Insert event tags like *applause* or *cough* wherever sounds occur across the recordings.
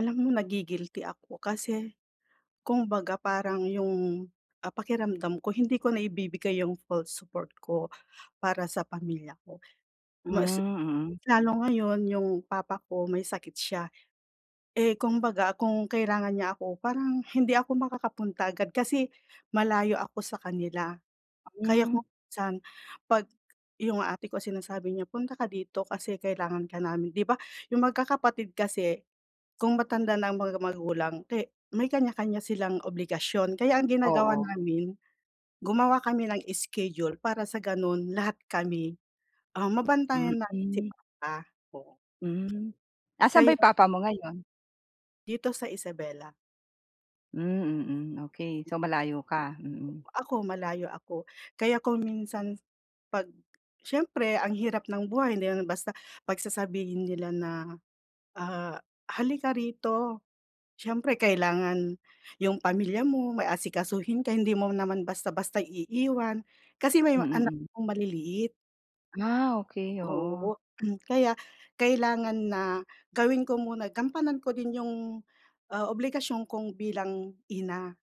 Alam mo, nagi-guilty ako kasi kung baga parang yung, ah, pakiramdam ko hindi ko naibibigay yung full support ko para sa pamilya ko. Hmm, Mas mm. lalo ngayon yung papa ko may sakit siya. Eh, kung baga kung kailangan niya ako, parang hindi ako makakapunta agad kasi malayo ako sa kanila. Kaya kung Hmm. minsan, 'pag yung ate ko sinasabi niya, "Punta ka dito kasi kailangan ka namin." 'Di ba yung magkakapatid kasi kung matanda na ang mga magulang, ke may kanya-kanya silang obligasyon. Kaya ang ginagawa Oo. namin, gumawa kami ng schedule para sa gano'n lahat kami, um, mabantayan natin si Mm. papa, oo. Hmm. 'Asan ba yung Kaya papa mo ngayon? Dito sa Isabela. Hmm, mm, okey. So, malayo ka, mm. Ako, malayo ako kaya kung minsan 'pag siyempre, ang hirap ng buhay. Hindi naman basta 'pag sasabihin nila na, ah, "Halika rito." Siyempre, kailangan yung pamilya mo, may asikasuhin ka, hindi mo naman basta-basta iiwan kasi may mga anak Mm. akong maliliit. Ah, okey, oo. Oo. *clears throat* Kaya kailangan na gawin ko muna, gampanan ko din yung, ah, obligasyon kong bilang ina.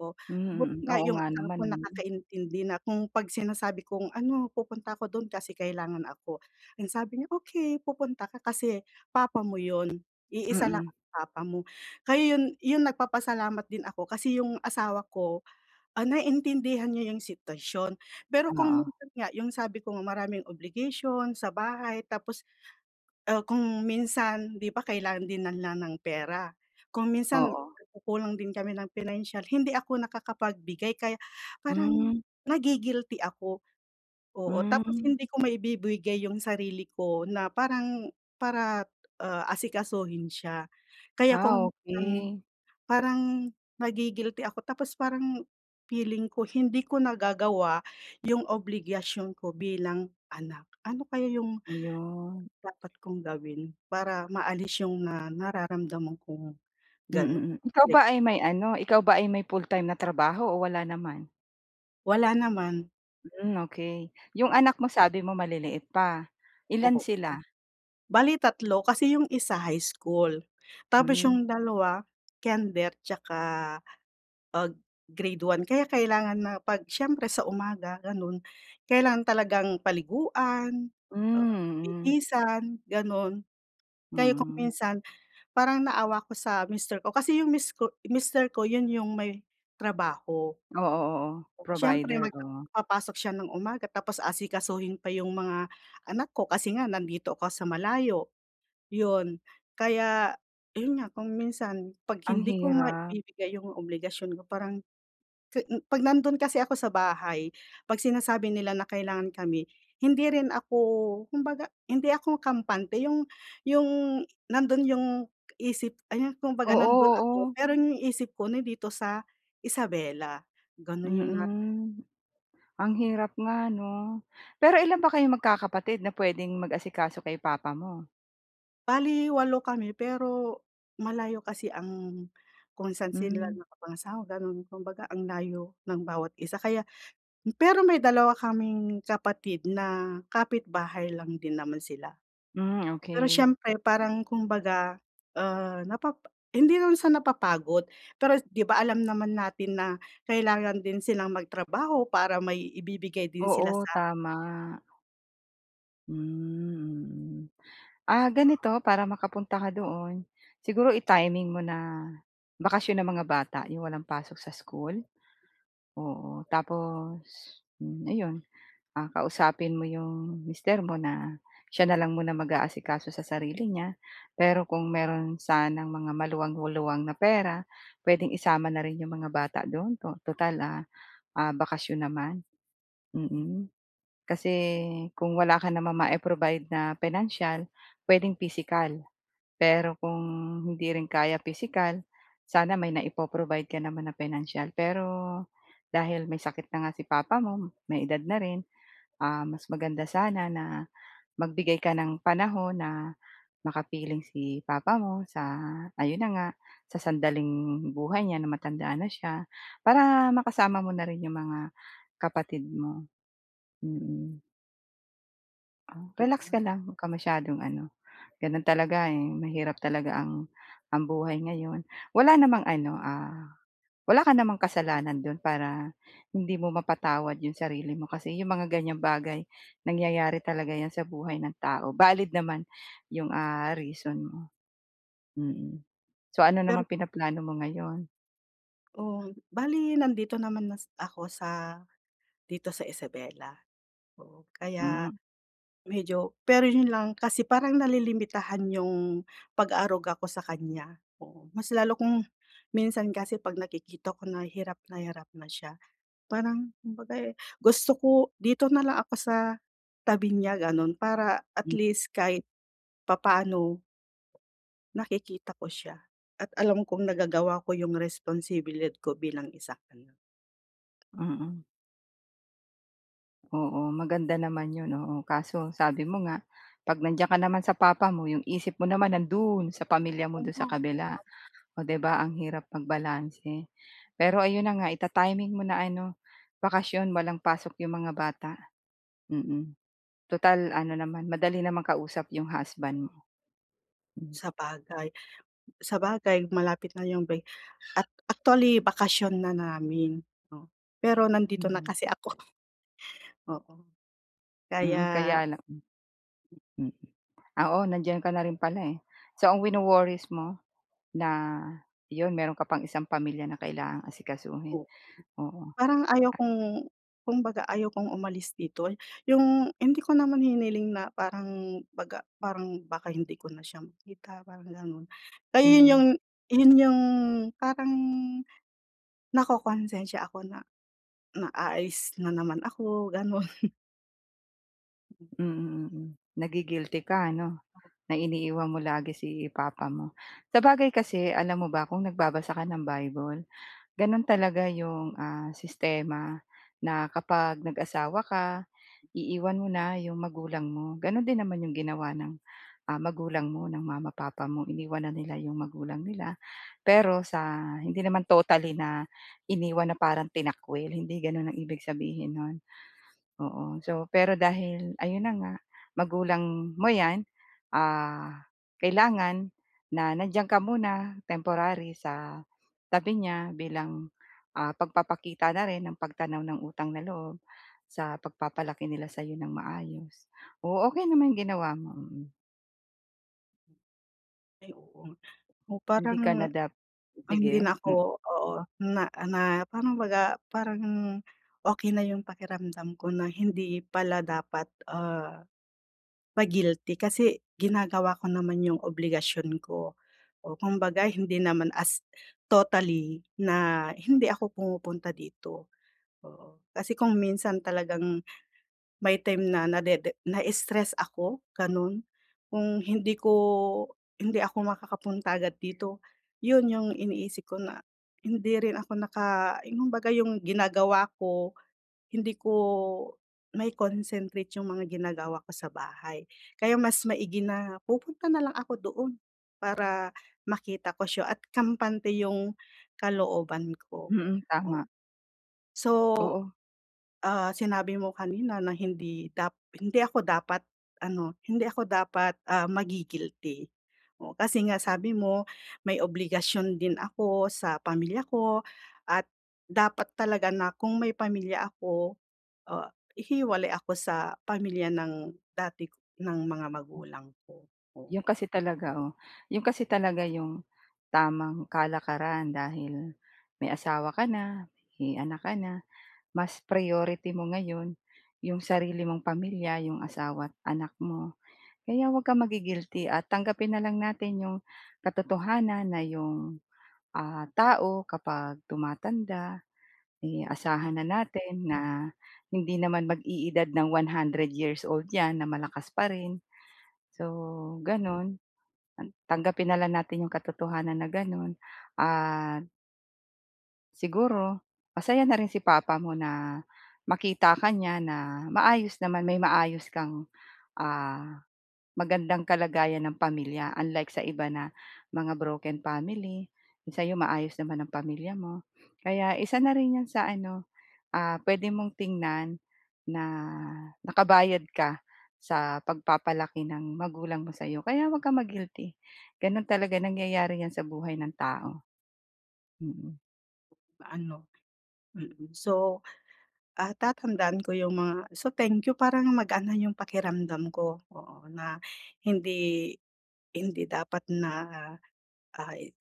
Oh, buti Hmm, mm. nga Oo yung nga asawa naman ko ano? nakakaintindi na kung 'pag sinasabi kong, "Ano, pupunta ako do'n kasi kailangan ako." Ang sabi niya, "Okey, pupunta ka kasi papa mo 'yon. Iisa lang Mm. ang papa mo." Kaya 'yon 'yon nagpapasalamat din ako kasi yung asawa ko, ah, naintindihan niya yung sitwasyon. Pero kung Oo. minsan nga, yung sabi ko nga, maraming obligation sa bahay tapos, ah, kung minsan di ba kailangan din ng ng ng pera, kung minsan, Oo. nagkukulang din kami ng financial, hindi ako nakakapagbigay. Kaya parang Hmm. nagi-guilty ako, oo. Tapos Hmm. hindi ko maibibigay yung sarili ko na parang para, ah, asikasuhin siya. Kaya Ah, kung parang okey. parang nagi-guilty ako tapos parang feeling ko hindi ko nagagawa yung obligasyon ko bilang anak. Ano kaya yung Ayun. dapat kong gawin para maalis yung na nararamdaman kong ganun, Mm, mm. Ikaw like ba ay may ano, ikaw ba ay may full-time na trabaho o wala naman? Wala naman. Hmm, okey, 'yong anak mo sabi mo maliliit pa. Ilan Oo. sila? Bali 3 kasi 'yong isa high school, tapos Hmm. 'yong 2 kinder tsaka, pag grade 1, kaya kailangan na 'pag siyempre sa umaga gano'n, kailangan talagang paliguan, Hmm, ah, mm. bihisan, gano'n. Kaya kung Mm. minsan, parang naawa ako sa mister ko kasi 'yong mis ko mister ko 'yon 'yong may trabaho. Oo, oo. Siyempre Provider, oo. mag-papasok siya ng umaga tapos asikasuhin pa 'yong mga anak ko kasi nga nandito ko sa malayo. 'Yon, kaya 'yon nga, kung minsan 'pag Ang hindi ko hirap. maibibigay 'yong obligasyon ko parang, ke 'pag nandun kasi ako sa bahay, 'pag sinasabi nila na kailangan kami, hindi rin ako, kumbaga, hindi ako kampante, 'yong 'yong, nandoon 'yong isip ay kumbaga Oo, nandoon ako oo. pero 'yong isip ko nandito sa Isabela. Ganon yung nara Mm. Ang hirap nga 'no? Pero ilan ba kayo magkakapatid na pwedeng mag-asikaso kay papa mo? Bale 8 kami pero, malayo kasi ang kung saan sila Hmm. naka-pangasawa gano'n, kumbaga ang layo ng bawat isa kaya pero may dalawa kaming kapatid na kapitbahay lang din naman sila. Hmm, Pero okey. siyempre, parang kumbaga, ah, napap hindi naman sa napapagod pero, 'di ba alam naman natin na kailangan din silang mag-trabaho para may ibibigay din sila Oo, sa tama. Hmm, mm. Ah, ganito para makapunta ka doon. Siguro i-timing mo na, bakasyon ng mga bata yong walang pasok sa school. Oo. Tapos, hmm, ayon, ah, kausapin mo 'yong mister mo na, siya na lang muna maga-asikaso sa sarili niya. Pero kung mayro'n sanang mga maluwang-luwang na pera, puwedeng isama na rin 'yong mga bata do'n, tutal, ah ah, bakasyon naman, mm. Kasi, kung wala ka namang mai-provide na pinansyal, puwedeng pisikal. Pero kung hindi rin kaya pisikal, sana may naipo-provide ka naman na pinansiyal pero, dahil may sakit na nga si papa mo, may edad na rin, um, mas maganda sana na magbigay ka ng panahon na makapiling si papa mo sa, ayun na nga, sa sandaling buhay niya na matanda na siya. Para makasama mo na rin 'yong mga kapatid mo. Mm. Oh, Oo relax ka nga. lang 'wag ka masyadong ano. Gano'n talaga, eh, mahirap talaga ang ang buhay ngayon. Wala namang ano, ah, wala ka namang kasalanan do'n para, hindi mo mapatawad 'yung sarili mo kasi 'yung mga ganyang bagay nangyayari talaga 'yan sa buhay ng tao, valid naman 'yung ah, reason mo. Mm, so ano Pero naman pinaplano mo ngayon? Oh, bale nandito naman na s ako sa, dito sa, Isabela. Oo, kaya, Hmm. medyo pero yun lang kasi parang nalilimitahan yung, pag-aaruga ko sa kanya, oo. Mas lalo kung, minsan kasi pag nakikita ko na hirap na hirap na siya, parang kumbaga, eh, gusto ko dito na lang ako sa, tabi niya ganon para at M least kahit papaano nakikita ko siya. At alam kong nagagawa ko yung responsibilad ko bilang isang anak. Mm. Oo, maganda naman 'yon, oo. Kaso sabi mo nga, 'pag nandiyan ka naman sa papa mo 'yung isip mo naman nandu'n sa pamilya Oo mo du'n nga, sa kabila. at O 'di ba ang hirap magbalanse. Pero ayun na nga ita-timing mo na ano, bakasyon walang pasok 'yung mga bata, mm. Tutal ano naman, madali namang kausap 'yung husband mo. Hmm. Sabagay, sabagay malapit na yung bre act actually bakasyon na namin, 'no, pero nandito na Mm. kasi ako *chuckles* oo, kaya Mm, kaya lang mm, oo nandiyan ka na rin pala, eh. So ang wino-worries mo, na, 'yon meron ka pang isang pamilya na kailangang asikasuhin, Oo, oo. parang ayaw kong kumbaga ayaw kong umalis dito. Yung, hindi ko naman hiniling na parang baga parang baka hindi ko na siya makita parang ganun. Kaya yun yung Mm. yun yung parang, nakokonsensiya ako na na aalis na naman ako ganon. *chuckles* Mm. Mm, mm. Nagi-guilty ka ano Oo. na iniiwan mo lagi si papa mo. Sabagay kasi alam mo ba kung nagbabasa ka ng Bible, gano'n talaga 'yong, ah, sistema na kapag nag-asawa ka, iiwan mo na 'yong magulang mo. Gano'n din naman 'yong ginawa ng, ah, magulang mo, ng mama, papa mo. Iniwan na nila 'yong magulang nila, pero sa hindi naman totally na iniwan na parang tinakwil, hindi gano'n ang ibig sabihin no'n, oo. So, pero dahil ayun na nga, magulang mo 'yan, ah, kailangan na nandiyan ka muna temporary sa tabi niya bilang, ah, pagpapakita na rin ng pagtanaw ng utang na loob, sa pagpapalaki nila sa'yo ng maayos. Oo, okey naman 'yong ginawa mo, mm. Ay oo. Oh Hindi ka na parang dap sige, hindi na m ako oo, na na parang 'baga parang okey na yung pakiramdam ko na hindi pala dapat, ah, ma-guilty, kasi ginagawa ko naman yung obligasyon ko. Oh kumbaga hindi naman as totally na hindi ako pumupunta dito, oo. Kasi kung minsan talagang may time na nadede na-stress ako, gano'n. Kung hindi ko hindi ako makakapunta agad dito. 'Yon 'yong iniisip ko na hindi rin ako naka yung baga 'yong ginagawa ko, hindi ko mai-concentrate 'yong mga ginagawa ko sa bahay. Kaya mas maigi na pupunta na lang ako doon para makita ko siya at kampante 'yong kalooban ko, Mm, oo. tama. So, Oo. ah, sinabi mo kanina na hindi dap hindi ako dapat ano, hindi ako dapat, ah, magi-guilty, kasi nga sabi mo, may obligasyon din ako sa pamilya ko at dapat talaga na kung may pamilya ako, ah, hihiwalay ako sa pamilya ng dati k ng mga magulang ko, 'Yon oo. kasi talaga, oh. 'Yon kasi talaga 'yong tamang kalakaran dahil may asawa ka na, may anak ka na, mas priority mo ngayon 'yong sarili mong pamilya, 'yong asawa at anak mo. Kaya 'wag kang magi-guilty at tanggapin na lang natin 'yong katotohanan na 'yong, ah, tao kapag tumatanda, eh, Mm. asahan na natin na hindi naman mag-e-edad ng 100 years old 'yan na malakas pa rin. So, ganun, tang tanggapin na lang natin 'yung katotohanan na gano'n, ah Siguro. Masaya na rin si Papa mo na makita ka niya na maayos naman, may maayos kang, ah, magandang kalagayan ng pamilya, unlike sa iba na mga broken family. Sa'yo maayos naman ang pamilya mo. Kaya isa na rin 'yan sa ano, ah, puwede mong tingnan na nakabayad ka sa pag-papalaki ng magulang mo sa'yo. Kaya huwag kang ma-guilty, gano'n talaga nangyayari 'yan sa buhay ng tao. Mm. Ano, mm. So, ah, tatandaan ko yung mga so, thank you, parang magaan yung pakiramdam ko, oo. Na hindi hindi dapat na, ah, eh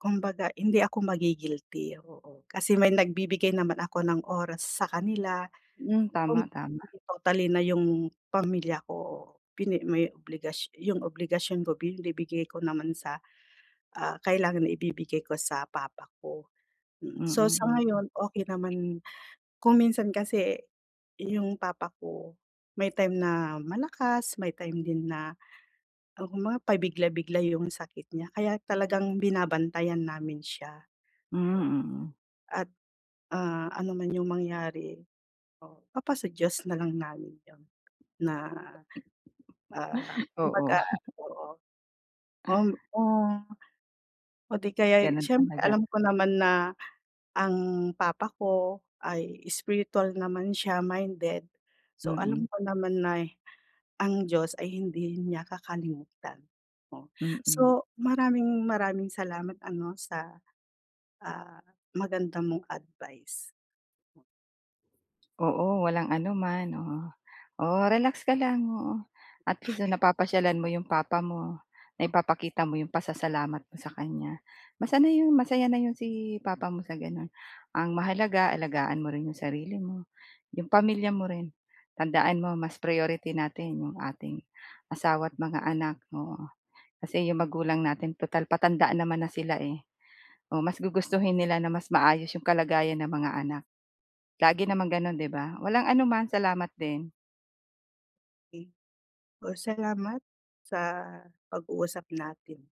kumbaga hindi ako magi-guilty, oo. Kasi may nagbibigay naman ako ng oras sa kanila. Hmm, Kung, tama-tama. totally na yung pamilya ko, pine may obligas 'yung obligasyon ko binibigay ko naman sa, ah, kailangan na ibibigay ko sa papa ko, mm. So, Mm sa mm. ngayon, okey naman kung minsan kasi, yung papa ko, may time na malakas, may time din na, ang mga pa bigla-bigla yung sakit niya, kaya talagang binabantayan namin siya, Hmm, oo. mm. At, ah, ano man yung mangyari, oo, papa sa Diyos na lang namin yun na, ah, Oo. kumbaga oo, *chuckles* oo, o 'di kaya'y, eh, Ganun siyem talaga. alam ko naman na, ang papa ko ay spiritual naman siya, minded. So, alam Mm. ko naman nay ang Diyos ay hindi niya kakalimutan, oh. Mm. So, maraming-maraming salamat, ano sa, ah, maganda mong advice. Oo, walang ano man, oo. Oh, relax ka lang, oo. At least napapasyalan mo 'yong papa mo. Naipapakita mo 'yong pasasalamat mo sa kanya. Mas ano 'yon, masaya na 'yon si Papa mo sa gano'n. Ang mahalaga, alagaan mo rin 'yong sarili mo, 'yong pamilya mo rin. Tandaan mo, mas priority natin 'yong ating asawa at mga anak, oo. Kasi 'yong magulang natin tutal patanda naman na sila, eh. Oh, mas gugustuhin nila na mas maayos 'yong kalagayan ng mga anak. Lagi naman gano'n, 'di ba? Walang ano man, salamat din. Ey Oh, salamat, sa pag-uusap natin.